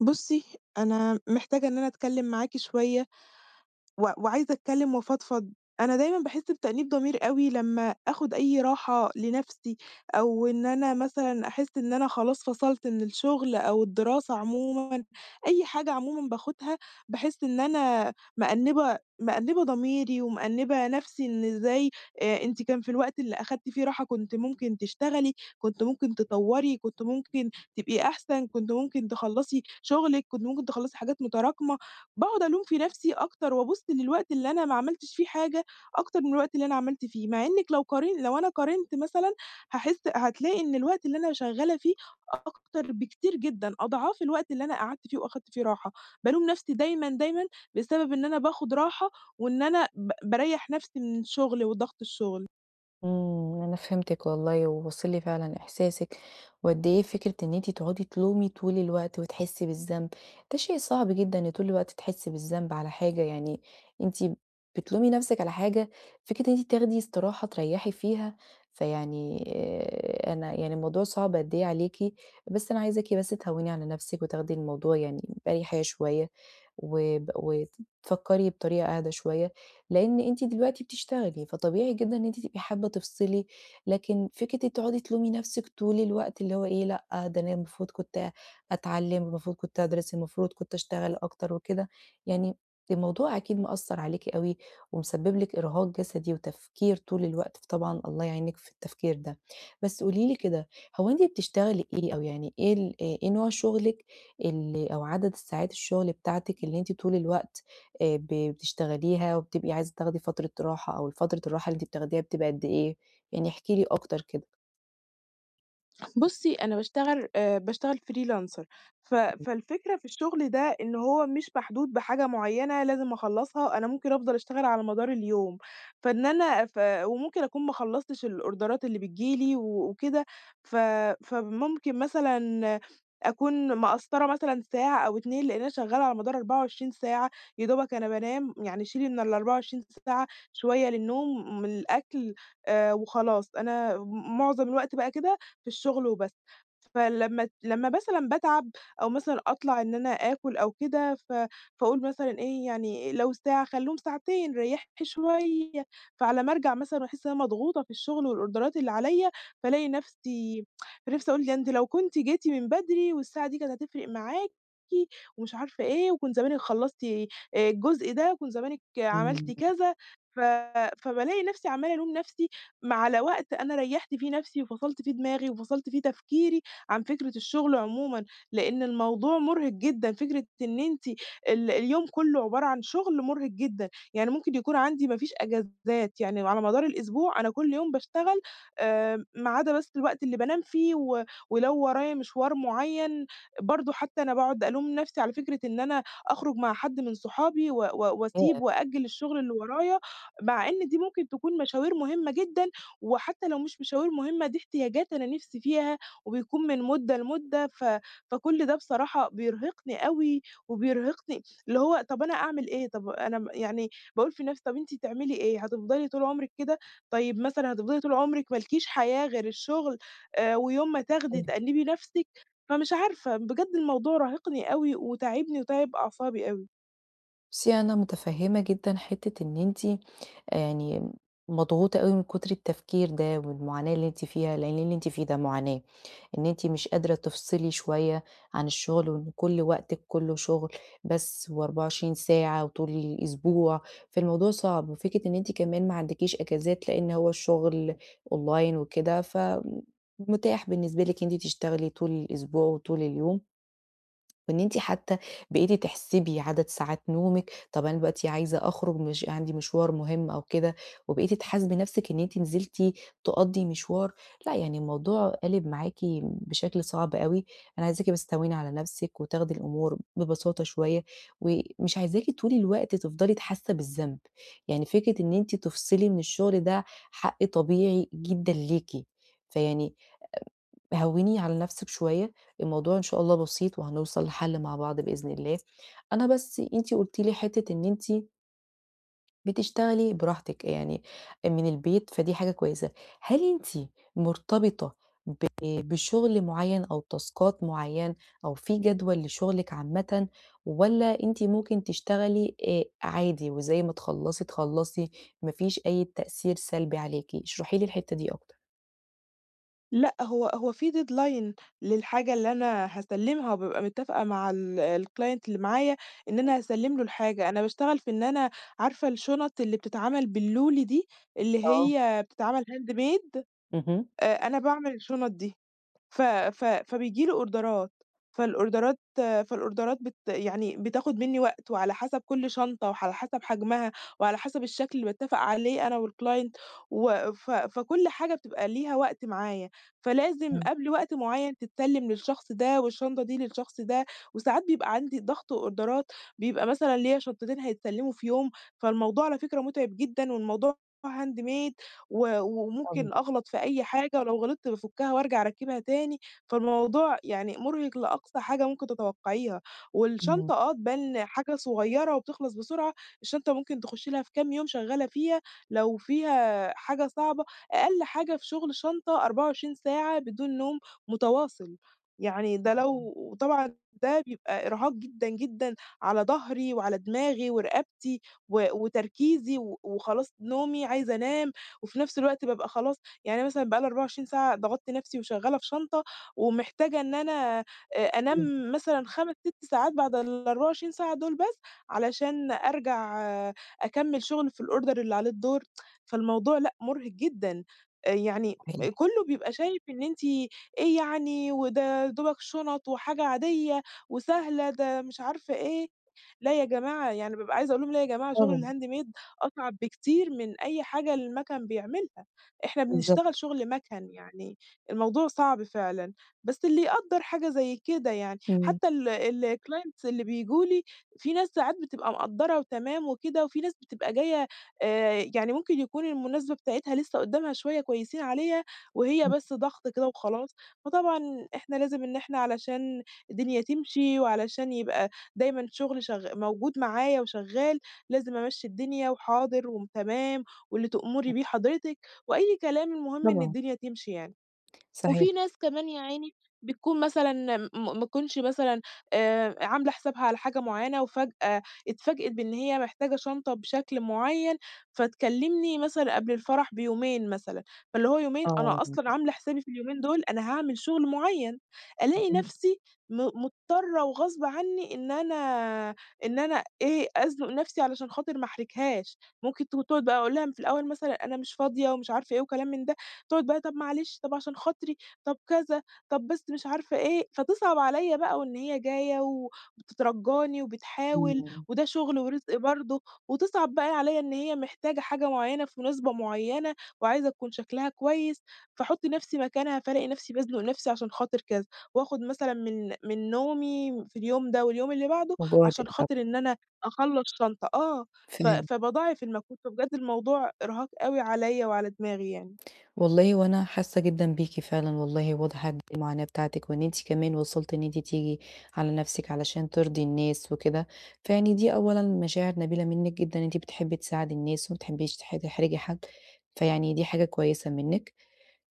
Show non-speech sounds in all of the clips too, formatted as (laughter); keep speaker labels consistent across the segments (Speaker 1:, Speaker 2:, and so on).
Speaker 1: بُصّي، أنا محتاجة إن أنا أتكلّم معاكِ شوية، و وعايزه أتكلّم، وأفضفض، أنا دايمًا باحس بتأنيب ضمير أوي لمّا آخد أي راحة لنفسي، أو إن أنا مثلًا أحس إن أنا خلاص فصلت من الشغل، أو الدراسة عمومًا، أي حاجة عمومًا باخدها، باحس إن أنا مأنبة مأنبة ضميري، ومأنبة نفسي، "إن إزاي أنتِ كان في الوقت اللي أخدتِ فيه راحة كنتِ ممكن تشتغلي، كنتِ ممكن تطوّري، كنت ممكن تبقي أحسن، كنتِ ممكن تخلصي شغلِك، كنتِ ممكن تخلصي حاجات متراكمة." باقعد ألوم في نفسي أكتر، وأبُص للوقت اللي أنا ما عملتش فيه حاجة أكتر من الوقت اللي أنا عملت فيه، مع إنِّك لو قار لو أنا قارنت مثلًا هاحس هتلاقي إن الوقت اللي أنا شغّالة فيه، أكتر، بكتير، جدًا أضعاف الوقت اللي أنا قعدت فيه، وأخدت فيه راحة. بالوم نفسي دايمًا، دايمًا بسبب إن أنا باخد راحة، وإن أنا ب باريّح نفسي من الشغل، وضغط الشغل.
Speaker 2: آمم، أنا فهمتِك والله، وواصل لي فعلًا إحساسِك، وقد إيه فكرة إن أنتِ تقعدي تلومي طول الوقت، وتحسّي بالذنب ده شيء صعب جدًا، إن طول الوقت تحسّي بالذنب على حاجة، يعني أنتِ بتلومي نفسِك على حاجة، فكرة إن أنتِ تاخدي إستراحة تريحي فيها، فيعني أنا يعني الموضوع صعب قد إيه عليكِ، بس أنا عايزاكِ بس تهوّني على نفسِك، وتاخدي الموضوع يعني بأريحيّة شوية، وب وفكّري بطريقة أهدي شوية، لإن أنتِ دلوقتي بتشتغلي، فطبيعي جدًا إن أنتِ تبقي حابّة تفصلي، لكن فكرة إنِّك أنتِ تقعدي تلومي نفسِك طول الوقت، اللي هو إيه لأ، ده أنا المفروض كنت أتعلّم، المفروض كنت أدرس، المفروض كنت أشتغل أكتر. وكده يعني الموضوع أكيد مأثّر عليكِ أوي، ومسبب لِك إرهاق جسدي، وتفكير طول الوقت، طبعًا الله يعينِك في التفكير ده، بس قولي لي كده، هو أنتِ بتشتغلي إيه؟ أو يعني إيه ال إ إيه نوع شغلِك ال أو عدد الساعات الشغل بتاعتِك، اللي أنتِ طول الوقت آآ ب بتشتغليها، وبتبقي عايزه تاخدي فترة راحة؟ أو الفترة الراحة اللي بتاخديها بتبقى قد إيه؟ يعني احكي لي أكتر كده.
Speaker 1: بُصّي، أنا باشتغل آآ، باشتغل freelancer ف
Speaker 2: (unintelligible)
Speaker 1: فالفكرة في الشغل ده إن هو مش محدود بحاجة معيّنة لازم أخلّصها، أنا ممكن أفضل أشتغل على مدار اليوم، فإن أنا ف وممكن أكون ما خلّصتش الأوردرات اللي بتيجي لي وكده، ف فممكن مثلًا أكون مقصّرة مثلًا ساعة أو 2 لإن أنا شغالة على مدار 24 ساعة، يا دوبك أنا بانام يعني شيلي من ال24 ساعة شوية للنوم وللأكل آآ، وخلاص. أنا م معظم الوقت بقى كده في الشغل وبس، فلمّا لمّا مثلًا باتعب أو مثلًا أطلع إن أنا آكُل أو كده ف فأقول مثلًا إيه يعني لو ساعة خلّوهم ساعتين ريّحي شوية، فعلى ما أرجع مثلًا باحس إن أنا مضغوطة في الشغل والأوردرات اللي عليَّ فالاقي نفسي (tsk) نفسي أقول "ده أنتِ لو كنتِ جيتِ من بدري والساعة دي كانت هتفرق معاكِ ومش عارفة إيه، وكنت زمانِك خلّصتِ آآ، الجزء ده وكنتِ زمانِك عملتِ
Speaker 2: إمم.
Speaker 1: كذا" ف فبالاقي نفسي عمّالة ألوم نفسي، ما على وقت أنا ريّحت فيه نفسي، وفصلت فيه دماغي، وفصلت فيه تفكيري عن فكرة الشغل عمومًا، لأن الموضوع مرهق جدًا فكرة إن أنتِ ال اليوم كُلّه عبارة عن شغل مرهق جدًا، يعني ممكن يكون عندي ما فيش أجازات يعني على مدار الأسبوع أنا كُلّ يوم باشتغل آآ، ما عدا بس الوقت اللي بانام فيه و ولو ورايا مشوار معيّن، برضه حتّى أنا باقعد ألوم نفسي على فكرة إن أنا أخرج مع حد من صحابي و و وأسيب
Speaker 2: ياه!
Speaker 1: وأأجّل الشغل اللي ورايا، مع إن دي ممكن تكون مشاوير مهمّة جدًا، وحتّى لو مش مشاوير مهمّة دي إحتياجات أنا نفسي فيها وبيكون من مدة لمدة، ف فكُل ده بصراحة بيرهقني أوي وبيرهقني اللي هو طَب أنا أعمل إيه؟ طَب أنا يعني باقول في نفسي "طَب أنتِ تعملي إيه هتفضلي طول عمرِك كده؟ طيب مثلًا هتفضلي طول عمرِك مالكيش حياة غير الشغل آآ، ويوم ما تاخدي
Speaker 2: أيوه.
Speaker 1: تأنِّبي نفسِك؟" فمش عارفة بجد الموضوع راهقني أوي، وتاعبني وتاعب أعصابي أوي.
Speaker 2: بُصّي أنا متفهّمة جدًا حِتّة إن أنتِ يعني مضغوطة أوي من كُتر التفكير ده والمعاناة اللي أنتِ فيها، لأن اللي أنتِ فيه ده معاناة، إن أنتِ مش قادرة تفصِلي شوية عن الشغل، وإن كل وقتِك كلّه شُغل بس و24 ساعة وطول الأسبوع، فالموضوع صعب وفكرة إن أنتِ كمان ما عندكيش إجازات لإن هو الشغل online وكده فمُتاح بالنسبة لِك إن أنتِ تشتغلي طُول الأسبوع وطُول اليوم. وإن أنتِ حتى بقيتِ تحسبي عدد ساعات نومِك. طَب أنا دلوقتي عايزه أخرُج مش عندي مشوار مهم أو كده وبقيتِ تحاسبي نفسِك إن أنتِ نزلتِ تقضِي مشوار، لأ يعني الموضوع قالب معاكِ بشكل صعب أوي، أنا عايزاكِ بس تهوّني على نفسِك وتاخدي الأمور ببساطة شوية ومش عايزاكِ طُول الوقت تفضَلي ت حاسّة بالذنب، يعني فكرة إن أنتِ تفصِلي من الشغل ده حق طبيعي جدًا ليكِ، فيعني آآ هوّني على نفسِك شوية، الموضوع إن شاء الله بسيط وهنوصَل لحل مع بعض بإذن الله. أنا بس أنتِ قُلتِ لي حِتّة إن أنتِ بتشتغلي براحتِك يعني من البيت، فدي حاجة كويسة. هل أنتِ مرتبطة ب بشُغل معيّن أو تاسكات معيّنة أو في جدول لشُغلِك عامةً والّا أنتِ ممكن تشتغلي آآ عادي وزي ما تخلّصي تخلّصي، ما فيش أي تأثير سلبي عليكِ؟ اشرحي لي الحِتّة دي أكتر.
Speaker 1: لأ، هو هو في deadline للحاجة اللي أنا هاسلّمها وبابقى متفقة مع ال الclient اللي معايا، إن
Speaker 2: (unintelligible)
Speaker 1: أنا هاسلّم له الحاجة، أنا باشتغل في إن أنا عارفة الشُنَط اللي بتتعمل باللولي دي، اللي
Speaker 2: آه.
Speaker 1: هي بتتعمل handmade؟
Speaker 2: اهم.
Speaker 1: آآ، أنا باعمل الشُنَط دي. ف ف فبييجي لي أوردرات، فالأوردرات فالأوردرات بت يعني بتاخد منّي وقت وعلى حسب كُلّ شنطة وعلى حسب حجمها وعلى حسب الشكل اللي باتّفق عليه أنا والclient وف فكُلّ حاجة بتبقى ليها وقت معايا، فلازم
Speaker 2: إمم.
Speaker 1: قبل وقت معيّن تتسلّم للشخص ده والشنطة دي للشخص ده، وساعات بيبقى عندي ضغط أوردرات بيبقى مثلًا ليّا شنطتين هيتسلموا في يوم، فالموضوع على فكرة مُتعِب جدًا والموضوع handmade و وممكن
Speaker 2: (unintelligible)
Speaker 1: أغلط في أي حاجة ولو غلطت بافكّها وأرجع أركّبها تاني، فالموضوع يعني مُرهق لأقصى حاجة ممكن تتوقعيها،
Speaker 2: اهم.
Speaker 1: والشنطة آه تبان حاجة صغيّرة وبتخلص بسرعة، الشنطة ممكن تخشّ لها في كام يوم شغّالة فيها، لو فيها حاجة صعبة أقل حاجة في شغل شنطة 24 ساعة بدون نوم متواصل، يعني ده لو
Speaker 2: (unintelligible)
Speaker 1: طبعًا ده بيبقى إرهاق جدًا، جدًا على ضهري وعلى دماغي ورقبتي، و وتركيزي و وخلاص نومي عايزة أنام، وفي نفس الوقت بابقى خلاص يعني أنا مثلًا بقى لي 24 ساعة ضَغَطت نفسي وشغّالة في شنطة، ومحتاجة إن أنا أ
Speaker 2: إمم.
Speaker 1: أنام مثلًا 5، 6 ساعات بعد ال24 ساعة دول بس، علشان أرجع أكمّل شغل في الorder اللي عليه الدور، (tsk) فالموضوع لأ مُرهق جدًا، يعني
Speaker 2: صحيح.
Speaker 1: كُلّه بيبقى شايف إن أنتِ إيه يعني وده يا دوبك شُنَط وحاجة عادية وسهلة، ده مش عارفة إيه، لأ يا جماعة، يعني بابقى عايزه أقول لهم "لأ يا جماعة
Speaker 2: آه.
Speaker 1: شغل الhandmade أصعب بكتير من أي حاجة المَكَن بيعملها، إحنا
Speaker 2: بالضبط.
Speaker 1: بنشتغل شغل مَكَن يعني الموضوع صعب فعلًا." بس اللي يقدَّر حاجة زي كده يعني،
Speaker 2: إمم.
Speaker 1: حتى ال الclients اللي بييجوا لي في ناس ساعات بتبقى مقدّرة وتمام وكده، وفي ناس بتبقى جايّة آآ، يعني ممكن يكون المناسبة بتاعتها لسّه قدامها شوية كويسين عليها، وهي
Speaker 2: إمم.
Speaker 1: بس ضغط كده وخلاص، فطبعًا إحنا لازم إن إحنا علشان الدنيا تمشي، وعلشان يبقى دايمًا شغل شغ موجود معايا وشغّال لازم أمشّي الدنيا، "وحاضر وتمام واللي تؤمري
Speaker 2: حلو.
Speaker 1: بيه حضرتِك." وأي كلام المهم إن
Speaker 2: طبعًا.
Speaker 1: الدنيا تمشي يعني.
Speaker 2: صحيح.
Speaker 1: وفي ناس كمان يا عيني بتكون مثلًا ما تكونش مثلًا آآ، عاملة حسابها على حاجة معيّنة وفجأة اتفاجأت بإن هي محتاجة شنطة بشكل معيّن، فتكلمني مثلًا قبل الفرح بيومين مثلًا، فاللي هو يومين
Speaker 2: آه،
Speaker 1: أنا أصلًا
Speaker 2: (unintelligible)
Speaker 1: عاملة حسابي في اليومين دول أنا هاعمل شغل معيّن، ألاقي
Speaker 2: اهم.
Speaker 1: نفسي م مضطرة وغصب عنّي إن أنا إن أنا إيه أزنق نفسي علشان خاطر ما أحرجهاش، ممكن تقعد بقى أقول لها في الأول مثلًا "أنا مش فاضية." ومش عارفة إيه وكلام من ده، تقعد بقى "طَب معلش، طَب عشان خاطري." طَب كذا طَب بس مش عارفة إيه، فتصعب عليَّ بقى وإن هي جايّة وبتترجّاني وبتحاول،
Speaker 2: إمم.
Speaker 1: وده شغل ورزق برضه، وتصعب بقى عليَّ إن هي محتاجة حاجة معيّنة في مناسبة معيّنة وعايزة تكون شكلها كويس، فاحُطّ نفسي مكانها فالاقي نفسي بازنق نفسي عشان خاطر كذا، وآخد مثلًا من من نومي في اليوم ده واليوم اللي بعده علشان
Speaker 2: وجهدِك طبعًا.
Speaker 1: خاطر إن أنا أخلّص شنطة آه، ف
Speaker 2: فهمت.
Speaker 1: فباضاعف المجهود، فبجد الموضوع إرهاق أوي عليَّ وعلى دماغي يعني.
Speaker 2: والله هو أنا حاسّة جدًا بيكِ فعلًا والله، واضح قد إيه المعاناة بتاعتِك، وإن أنتِ كمان وصلتِ إن أنتِ تيجي على نفسِك علشان ترضي الناس وكده، فيعني دي أولًا مشاعر نبيلة منِّك جدًا أنتِ بتحبّي تساعدي الناس، وما بتحبيش تح تحرجي حد، فيعني دي حاجة كويسة منِّك،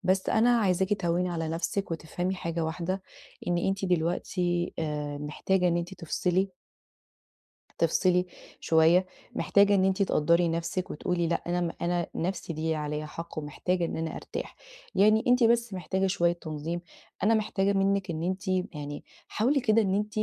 Speaker 2: بس أنا عايزاكِ تهوّني على نفسِك وتفهمي حاجة واحدة، إن أنتِ دلوقتي آآ، محتاجة إن أنتِ تفصِلي. تفصِلي شوية، محتاجة إن أنتِ تقدّري نفسِك وتقولي: "لأ أنا م أنا نَفسي دي ليها عليَّ حق ومحتاجة إن أنا أرتاح." يعني أنتِ بس محتاجة شوية تنظيم، أنا محتاجة منِك إن أنتِ يعني حاولي كده إن أنتِ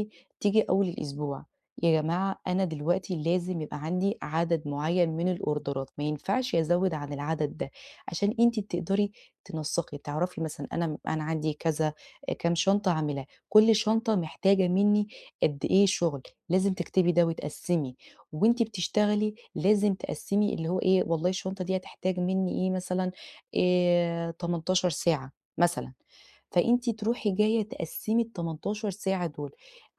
Speaker 2: تيجي أول الأسبوع "يا جماعة أنا دلوقتي لازم يبقى عندي عدَد معيّن من الأوردرات ما ينفَعش أزوّد عن العدد ده." عشان أنتِ تقدَري تنسّقي، تعرَفي مثلًا أنا أنا عندي كذا، كام شنطة هاعملها، كل شنطة محتاجة منّي قد إيه شُغل، لازم تكتِبي ده وتقسّمي وأنتِ بتشتغلي، لازم تقسّمي اللي هو إيه، والله الشنطة دي هتحتاج منّي إيه، مثلًا آآ 18 ساعة مثلًا، فأنتِ تروحي جايّة تقسّمي ال18 ساعة دول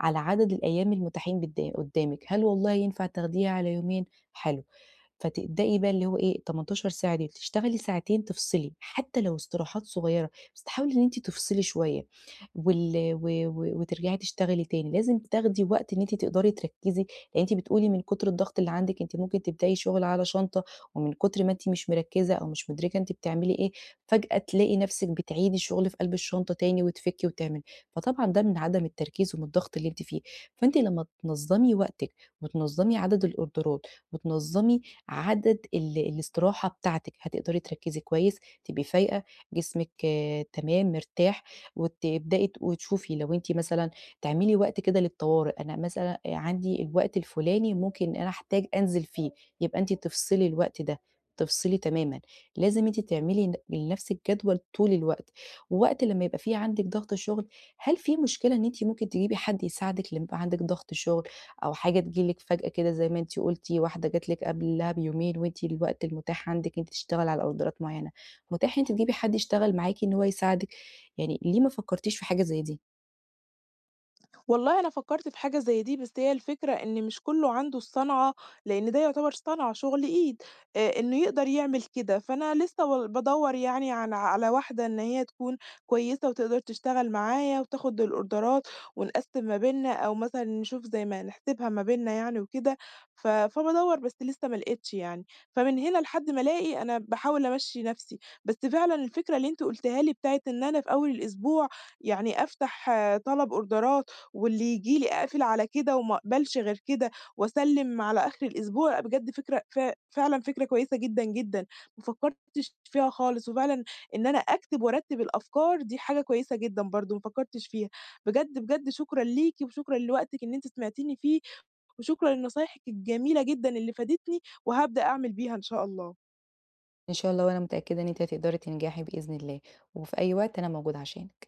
Speaker 2: على عدَد الأيام المُتاحين بد قُدّامِك، هل والله ينفَع تاخديها على يومين؟ حلو، فتبدئي بقى اللي هو إيه، ال18 ساعة ديّة تشتغلي ساعتين، تفصِلي حتى لو استراحات صغيّرة، بس تحاولي إن أنتِ تفصِلي شوية وال و و وترجَعي تشتغلي تاني، لازم تاخدي وقت إن أنتِ تقدَري تركّزي لأن أنتِ بتقولي من كُتر الضغط اللي عندِك أنتِ ممكن تبدئي شُغل على شنطة ومن كُتر ما أنتِ مش مركّزة أو مش مُدرِكة أنتِ بتعملي إيه فجأة تلاقي نفسِك بتعيدي الشُغل في قلْب الشنطة تاني وتفُكّي وتعملي، فطبعًا ده من عدم التركيز ومن الضغط اللي أنتِ فيه، فأنتِ لمّا تنظّمي وقتِك وتنظّمي عدَد الأوردرات وتنظّمي عدد ال الاستراحة بتاعتِك هتقدَري تركّزي كويس، تبقي فايقة، جسمِك تمام مرتاح، وتبدئي ت وتشوفي لو أنتِ مثلًا تعملي وقت كده للطوارئ، أنا مثلًا عندي الوقت الفلاني ممكن أنا أحتاج أنزِل فيه، يبقى أنتِ تفصِلي الوقت ده، تفصِلي تمامًا، لازم أنتِ تعملي ل لنفسِك جدول طول الوقت، ووقت لمّا يبقى في عندِك ضغط الشغل. هل في مشكلة إن أنتِ ممكن تجيبي حد يساعدِك لما يبقى عندِك ضغط شُغل أو حاجة تيجي لِك فجأة كده زي ما أنتِ قلتِ، واحدة جات لِك قبلها بيومين وأنتِ الوقت المتاح عندِك إن أنتِ تشتغلي على أوردرات معيّنة، متاح إن أنتِ تجيبي حد يشتغل معاكِ إن هو يساعدِك؟ يعني ليه ما فكّرتيش في حاجة زي دي؟
Speaker 1: والله أنا فكّرت في حاجة زي دي بس هي الفكرة إن مش كلّه عنده الصَنعة، لأن ده يُعتبَر صَنعة، شُغل إيد آآ، إنه يقدَر يعمل كده، فأنا لسه و بادوّر يعني على على واحدة إن هي تكون كويسة وتقدَر تشتغل معايا, وتاخُد الأوردرات ونقسّم ما بيننا أو مثلًا نشوف زي ما نحسِبها ما بيننا يعني وكده، ف فبادوّر بس لسه ما لقيتش يعني، فمن هنا لحد ما ألاقي أنا باحاول أمشّي نَفسي، بس فعلًا الفكرة اللي أنتِ قُلتيها لي بتاعة إن أنا في أول الأسبوع يعني أفتَح طلَب أوردرات واللي ييجي لي أقفِل على كده وما أقبَلش غير كده وأسلّم على آخِر الأسبوع بجد فكرة ف فعلًا فكرة كويسة جدًا، جدًا، ما فكّرتش فيها خالص وفعلًا إن أنا أكتِب وأرتِّب الأفكار دي حاجة كويسة جدًا برضه ما فكّرتش فيها. بجد، بجد شكرًا ليكِ وشكرًا لوقتِك إن أنتِ سمعتيني فيه وشكرًا لنصايحِك الجميلة جدًا اللي فادِتني وهابدأ أعمل بيها إن شاء الله.
Speaker 2: إن شاء الله، وأنا متأكّدة إن أنتِ هتقدَري تنجَحي بإذن الله وفي أي وقت أنا موجودة عشانِك.